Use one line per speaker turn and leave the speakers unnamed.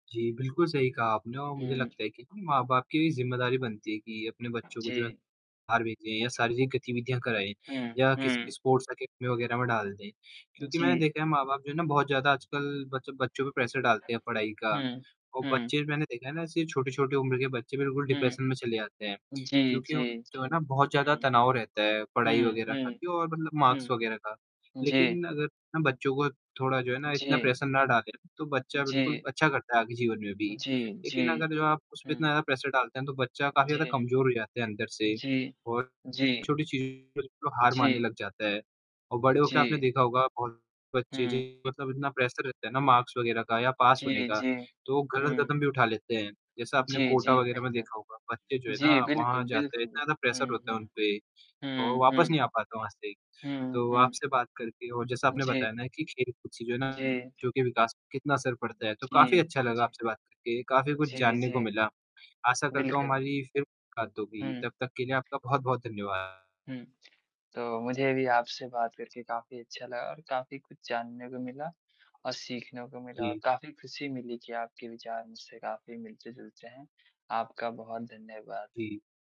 जी, बिल्कुल सही कहा आपने और मुझे
हुँ।
लगता है कि माँ-बाप की ज़िम्मेदारी बनती है कि अपने बच्चों को जो है,
जी।
बाहर भेजें या शारीरिक गतिविधियाँ कराएँ
हुँ,
या किसी
हुँ।
स्पोर्ट्स एकेडमी वगैरह में डाल दें। क्योंकि मैंने
जी।
देखा है माँ-बाप जो है ना बहुत ज़्यादा आजकल बच बच्चों पे प्रेशर डालते हैं पढ़ाई का
हुँ,
और
हुँ।
बच्चे मैंने देखा है ना सिर्फ़ छोटी-छोटी उम्र के बच्चे बिल्कुल डिप्रेशन में
हुँ।
चले आते हैं।
जी,
क्योंकि वो
जी,
जो
जी।
है ना बहुत ज़्यादा
हुँ।
तनाव रहता है पढ़ाई
हुँ,
वगैरह का
हुँ।
भी और मार्क्स
हुँ।
वगैरह का।
जी।
लेकिन अगर हम बच्चों को थोड़ा जो है ना इतना
जी।
प्रेशर ना डालें, तो बच्चा बिल्कुल
जी।
अच्छा करता है आगे जीवन में भी,
जी,
लेकिन
जी।
अगर जो आप उस पे
हुँ।
इतना प्रेशर डालते हैं, तो बच्चा काफ़ी ज़्यादा
जी।
कमज़ोर हो जाता है अंदर से।
जी।
और
जी।
छोटी चीज़ बिल्कुल हार मानने
जी।
लग जाता है और बड़े होके आपने
जी।
देखा होगा बहुत बच्चे
हुँ।
मतलब इतना प्रेशर रहता है ना, मार्क्स वगैरह का या पास होने
जी,
का,
जी।
तो वो गलत
हुँ।
कदम भी उठा लेते हैं। जैसा आपने
जी,
कोटा
जी,
वगैरह में
बिल्कुल।
देखा होगा, बच्चे जो है ना
जी,
वहाँ
बिल्कुल,
जाते हैं,
बिल्कुल।
इतना प्रेशर
हुँ,
होता
हुँ।
है उन पे, तो
हुँ,
वापस
हुँ।
नहीं आ पाता वहाँ से।
हुँ,
तो,
हुँ।
आपसे बात करके और जैसा आपने
जी।
बताया ना कि खेल-कूद से जो है ना
जी।
जो कि विकास कितना असर पड़ता है, तो काफ़ी
जी,
अच्छा लगा
जी।
आपसे बात करके, काफ़ी कुछ
जी,
जानने को
जी।
मिला। आशा करता हूँ
बिल्कुल।
हमारी फ़िर मुलाकात होगी,
हुँ।
तब तक के लिए आपका बहुत-बहुत धन्यवाद।
हुँ, तो मुझे भी आपसे बात करके काफ़ी अच्छा लगा और काफ़ी कुछ जानने को मिला और सीखने को मिला और
जी।
काफ़ी ख़ुशी मिली कि आपके विचार मुझसे काफ़ी मिलते-जुलते हैं। आपका बहुत धन्यवाद।
जी।